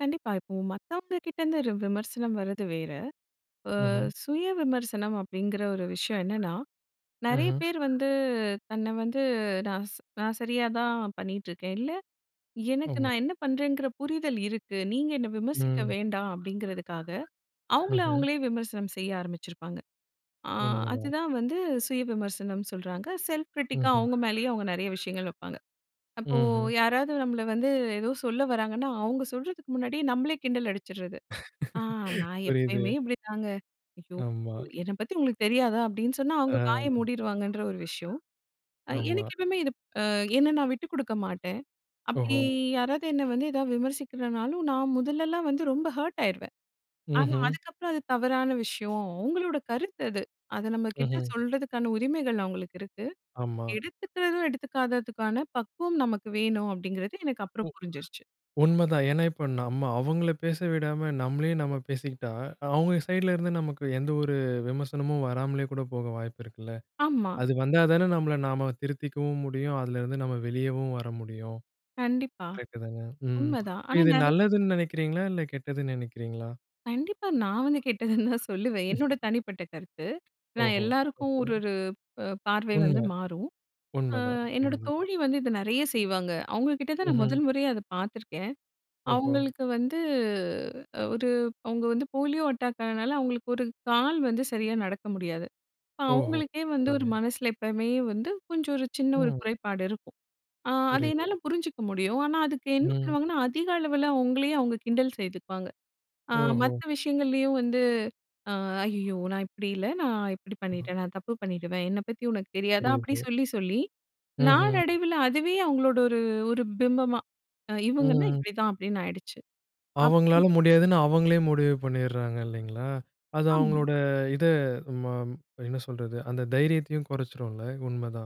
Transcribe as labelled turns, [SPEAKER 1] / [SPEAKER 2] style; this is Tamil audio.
[SPEAKER 1] கண்டிப்பா. இப்போ மத்தவங்கக்கிட்டேருந்து ர் விமர்சனம் வர்றது வேற. ஆ,
[SPEAKER 2] ஆஹ.
[SPEAKER 1] சுய விமர்சனம் அப்பிடிங்கிற ஒரு விஷயம் என்னன்னா, நிறைய
[SPEAKER 2] ம்ஹ்.
[SPEAKER 1] பேர் வந்து தன்ன வந்து "நான் ஸ் நான் சரியா தான் பண்ணிக்கிட்டு இருக்கேன். இல்ல எனக்கு
[SPEAKER 2] ஆமா.
[SPEAKER 1] நான் என்ன பண்ணுறேங்கிற புரிதல் இருக்கு. நீங்க என்னை விமர்சிக்க
[SPEAKER 2] ம்.
[SPEAKER 1] வேண்டாம்" அப்பிடிங்கிறதுக்காக அவுங்கள,
[SPEAKER 2] ம்ஹ்ம்.
[SPEAKER 1] அவுங்களே விமர்சனம் செய்ய ஆரம்பிச்சிருப்பாங்க. ஆ
[SPEAKER 2] உண்மை தான்.
[SPEAKER 1] அதுதான் வந்து சுய விமர்சனம் சொல்றாங்க. செல்ஃப் கிரிட்டிக்கா
[SPEAKER 2] ம்ஹ்ம்.
[SPEAKER 1] அவுங்க மேலய அவுங்க நிறைய விஷயங்கள் வப்பாங்க. அப்போ
[SPEAKER 2] ம்ஹ்ம்.
[SPEAKER 1] யாராவது நம்மள வந்து ஏதோ சொல்ல வராங்கன்னா, அவுங்க சொல்றதுக்கு முன்னாடியே நம்மளே கிண்டல் அடிச்சிர்றது. "ஆ நான்
[SPEAKER 2] புரியுது.
[SPEAKER 1] எப்பயுமே இப்பிடிதாங்க. ஐயோ!
[SPEAKER 2] ஆமா.
[SPEAKER 1] என்ன பத்தி உங்களுக்கு தெரியாதா?" அப்பிடின்னு சொன்னா, அவுங்க வாய
[SPEAKER 2] ஆ.
[SPEAKER 1] மூடிருவாங்கன்ற ஒரு விஷயம். அ
[SPEAKER 2] ஆமா.
[SPEAKER 1] எனக்கு எப்பமே இது அ என்ன நான் விட்டு கொடுக்க மாட்டேன். அப்பிடி
[SPEAKER 2] ஓஹோ!
[SPEAKER 1] யாராவது என்ன வந்து எதாவது விமர்சிக்கிறனாலும், நான் முதலெல்லாம் வந்து ரொம்ப ஹர்ட் ஆயிருவேன். ஆனா
[SPEAKER 2] ம்ஹ்ம்.
[SPEAKER 1] அதுக்கப்புறம் அது தவறான விஷயம் உங்களோட கருத்து அது. அத நம்மகிட்ட
[SPEAKER 2] ம்ஹ்ம்.
[SPEAKER 1] சொல்றதுக்கான உரிமைகள் அவுங்களுக்கு இருக்கு.
[SPEAKER 2] ஆமா.
[SPEAKER 1] எடுத்துக்கறதும் எடுத்துக்காததுக்கான பக்குவம் நமக்கு வேணும், அப்பிடிங்கறது எனக்கு
[SPEAKER 2] உ
[SPEAKER 1] அப்புறம் புரிஞ்சிருச்சு.
[SPEAKER 2] உண்ம தான். ஏன்னா இப்ப நம்ம அவங்கள பேச விடாம நம்மளே நம்ம பேசிக்கிட்டா, அவங்க சைடுல இருந்து நமக்கு எந்த ஒரு விமர்சனமும் வராமலே கூட போக வாய்ப்பு இருக்குல்ல?
[SPEAKER 1] ஆமா.
[SPEAKER 2] அது வந்தா தானே நம்மள நாம திருத்திக்கவும் முடியும். அதுலேருந்து நம்ம வெளியேவும் வர முடியும்.
[SPEAKER 1] கண்டிப்பா.
[SPEAKER 2] கரெக்ட்டு தானே? ம்.
[SPEAKER 1] உண்மதான். ஆனா
[SPEAKER 2] இது
[SPEAKER 1] நிறைய
[SPEAKER 2] நல்லதுன்னு நினைக்கிறீங்களா? இல்ல கெட்டதுன்னு நினைக்கிறீங்களா?
[SPEAKER 1] கண்டிப்பா நான் வந்து கேட்டதுன்னு தான் சொல்லுவேன். என்னோட
[SPEAKER 2] [unintelligible]
[SPEAKER 1] தனிப்பட்ட கருத்து. நான்
[SPEAKER 2] ஓஹோ!
[SPEAKER 1] எல்லாருக்கும்
[SPEAKER 2] ஓகே.
[SPEAKER 1] ஒரு, ஒரு அ பார்வை வந்து
[SPEAKER 2] உண்ம.
[SPEAKER 1] மாறும். ஆ
[SPEAKER 2] உண்ம தான், உண்ம
[SPEAKER 1] என்னோட
[SPEAKER 2] தான்.
[SPEAKER 1] தோழி வந்து இதை நிறைய செய்வாங்க. அவுங்கக்கிட்ட தான் நான்
[SPEAKER 2] ம்ஹ்ம்.
[SPEAKER 1] மொதல் முறையா அதை பார்த்துருக்கேன்.
[SPEAKER 2] ஓஹோ!
[SPEAKER 1] அவுங்களுக்கு வந்து, ஒரு அவுங்க வந்து போலியோ அட்டாக் ஆனனால, அவுங்களுக்கு ஒரு கால் வந்து சரியா நடக்க முடியாது.
[SPEAKER 2] ஓஹோ!
[SPEAKER 1] அவுங்களுக்கே வந்து ஒரு
[SPEAKER 2] பரவாயில்லயே!
[SPEAKER 1] மனசில எப்பமே வந்து கொஞ்சம் ஒரு சின்ன ஒரு
[SPEAKER 2] ம்.
[SPEAKER 1] குறைபாடு இருக்கும். ஆ, அத
[SPEAKER 2] புரியுது.
[SPEAKER 1] என்னால புரிஞ்சுக்க முடியும். ஆனா அதுக்கு என்ன
[SPEAKER 2] ம்.
[SPEAKER 1] பண்ணுவாங்கன்னா, அதிக அளவில அவுங்களயே அவுங்க கிண்டல் செய்துப்பாங்க. ஆ
[SPEAKER 2] ஓஹோ!
[SPEAKER 1] மத்த விஷயங்கள்லையும் வந்து, "ஆ ஐயயோ! நான் இப்பிடி இல்ல. நான் இப்பிடி
[SPEAKER 2] [unintelligible]
[SPEAKER 1] பண்ணிட்டேன். நான் தப்பு பண்ணிட்டமே! என்னைப் பத்தி உனக்கு தெரியாதா?" அப்பிடி
[SPEAKER 2] புரியுது.
[SPEAKER 1] சொல்லி, சொல்லி
[SPEAKER 2] ம்ஹ்ம்.
[SPEAKER 1] நாளடைவில அதுவே அவுங்களோட ஒரு, ஒரு பிம்பமா அ இவுங்கன்னா
[SPEAKER 2] ம்.
[SPEAKER 1] இப்பிடி தான். அப்பிடின்னு ஆயிடுச்சு. அப்போ
[SPEAKER 2] அவுங்களால முடியாதுன்னு அவுங்களே முடிவு பண்ணிட்றாங்க இல்லேங்களா! அது
[SPEAKER 1] ஆமா.
[SPEAKER 2] அவுங்களோட இத மாம், என்ன சொல்றது, அந்த தைரியத்தையும் குறைச்சிரும்ல? உண்ம தான்.